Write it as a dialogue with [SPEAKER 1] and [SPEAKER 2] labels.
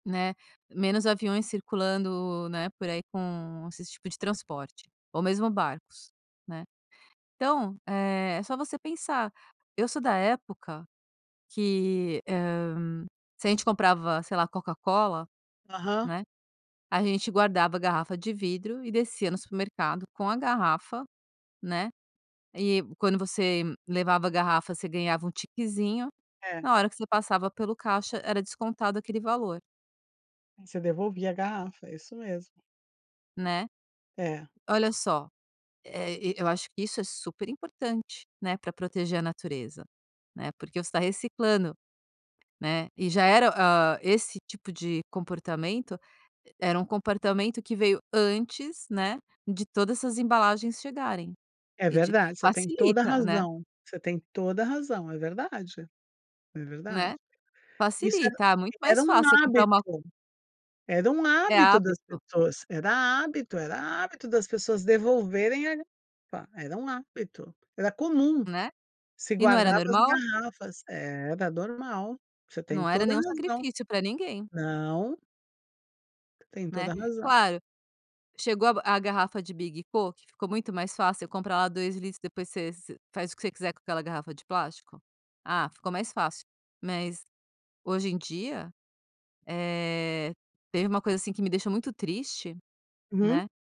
[SPEAKER 1] Né, menos aviões circulando né, por aí com esses tipo de transporte ou mesmo barcos né, então é, só você pensar eu sou da época que, hã, se a gente comprava, sei lá, Coca-Cola
[SPEAKER 2] Aham.
[SPEAKER 1] né, a gente guardava a garrafa de vidro e descia no supermercado com a garrafa né, e quando você levava a garrafa você ganhava um tiquezinho
[SPEAKER 2] É.
[SPEAKER 1] na hora que você passava pelo caixa era descontado aquele valor.
[SPEAKER 2] Você devolvia a garrafa, é isso mesmo.
[SPEAKER 1] Né?
[SPEAKER 2] É.
[SPEAKER 1] Olha só, eh, e eu acho que isso é super importante né, pra proteger a natureza né, porque você está reciclando né, e já era, hã, esse tipo de comportamento era um comportamento que veio antes né, de todas essas embalagens chegarem,
[SPEAKER 2] É
[SPEAKER 1] e de
[SPEAKER 2] verdade, você tem toda a
[SPEAKER 1] facilita né.
[SPEAKER 2] razão você tem toda a razão, é verdade é verdade.
[SPEAKER 1] Né,
[SPEAKER 2] Isso era
[SPEAKER 1] facilita, ah, muito
[SPEAKER 2] era
[SPEAKER 1] mais
[SPEAKER 2] um
[SPEAKER 1] fácil comprar uma
[SPEAKER 2] hábito era um
[SPEAKER 1] é
[SPEAKER 2] hábito das
[SPEAKER 1] hábito.
[SPEAKER 2] pessoas, era hábito era hábito das pessoas devolverem a pá era um hábito, era comum,
[SPEAKER 1] Né,
[SPEAKER 2] se
[SPEAKER 1] e não era
[SPEAKER 2] guardava as
[SPEAKER 1] normal?
[SPEAKER 2] garrafas. Era normal, você tem
[SPEAKER 1] Não era
[SPEAKER 2] toda a
[SPEAKER 1] nenhum
[SPEAKER 2] razão.
[SPEAKER 1] sacrifício pra ninguém.
[SPEAKER 2] Não. Tem
[SPEAKER 1] Né,
[SPEAKER 2] toda razão.
[SPEAKER 1] claro, chegou a garrafa de big po que ficou muito mais fácil eu comprar lá 2L litros depois você você faz o que você quiser com aquela garrafa de plástico? Ah, ficou mais fácil. Mas, hoje em dia, eh, teve um coisa assim que me deixou muito triste,
[SPEAKER 2] Uhum.
[SPEAKER 1] né